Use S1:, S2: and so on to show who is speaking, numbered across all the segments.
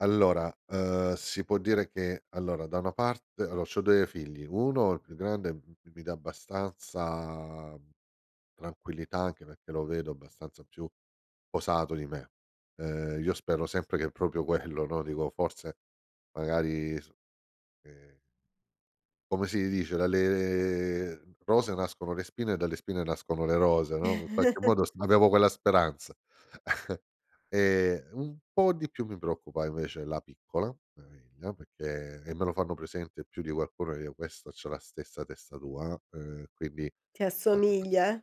S1: Allora, ehm, si può dire che, allora da una parte allo c'ho 2 figli, 1 il più grande, m mi dà abbastanza, mhmm, tranquillità anche perché lo vedo abbastanza più posato di me. Ehm, io spero sempre che proprio quello, no, dico, forse magari, s ehm Come si dice, Dalle mhmm, rose nascono le spine e dalle spine nascono le rose, no, in qualche modo sp avevo quella speranza. Ehm, un po' di più mi preoccupa invece la piccola, mia figlia, perché e me lo fanno presente più di qualcuno, che io questa c'ha la stessa testa tua, uhm, ehm, quindi
S2: Ti
S1: beh, beh.
S2: assomiglia, eh?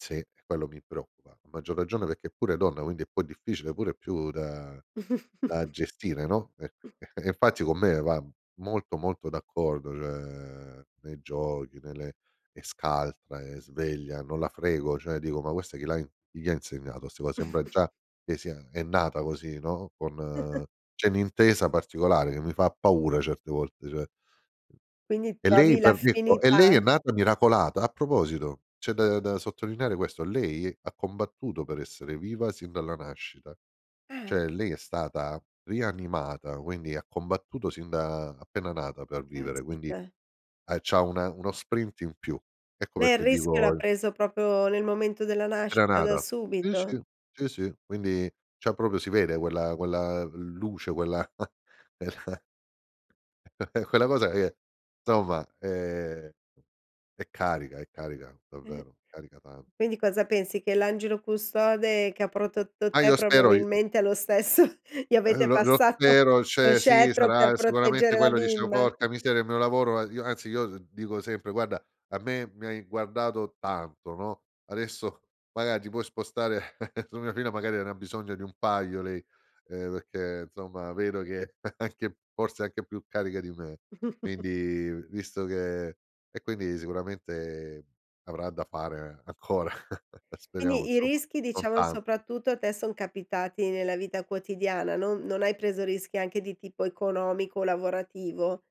S1: Sì, quello mi preoccupa. A maggior ragione perché è pure donna, quindi è poi difficile, più da da gestire, no, e
S2: Mh.
S1: infatti con me va molto ,molto d'accordo, cioè, nei giochi, nelle è scaltra, è sveglia, non la frego, cioè dico: "Ma questa chi l'ha chi gli ha insegnato?" Sembra già che sia è nata così, no, con c'è un'intesa particolare che mi fa paura certe volte, cioè..
S2: Quindi
S1: E lei
S2: trovi
S1: per [unintelligible] e lei è
S2: l'affinità.
S1: nata miracolata, a proposito, c'è da da sottolineare questo, lei ha combattuto per essere viva sin dalla nascita.
S2: Eh.
S1: Cioè lei è stata rianimata, quindi ha combattuto sin da appena nata per vivere, quindi,
S2: Caspita.
S1: eh, c'ha una uno sprint in più. Ecco
S2: Lei il
S1: perché
S2: rischio l'ha
S1: dico
S2: preso proprio nel momento della
S1: Era
S2: nascita, da
S1: nata. Sì,
S2: subito.
S1: sì. Sì, sì, quindi c'ha proprio si vede quella quella luce, quella quella quella cosa che, insomma, ehm, è carica, è carica
S2: Eh.
S1: davvero, carica tanto.
S2: Quindi cosa pensi che l'angelo custode che ha protetto
S1: Ma
S2: te
S1: io spero, io
S2: probabilmente è lo stesso. Gli
S1: Eh,
S2: avete
S1: lo lo
S2: passato
S1: spero,
S2: lo
S1: cioè sì,
S2: scettro per
S1: sarà sicuramente
S2: proteggere la
S1: quello. Dicevo:
S2: bimba?
S1: "Porca miseria, il mio lavoro", ma io anzi io dico sempre: "Guarda, a me mi hai guardato tanto, no, adesso magari ti puoi spostare su mia figlia, magari ne ha bisogno di un paio lei", ehm, perché insomma, vedo che è anche forse anche più carica di me. Quindi visto che e quindi sicuramente avrà da fare ancora. Speriamo,
S2: Quindi i
S1: insomma,
S2: rischi,
S1: non
S2: diciamo,
S1: tanto.
S2: soprattutto a te son capitati nella vita quotidiana, non non hai preso rischi anche di tipo economico o lavorativo?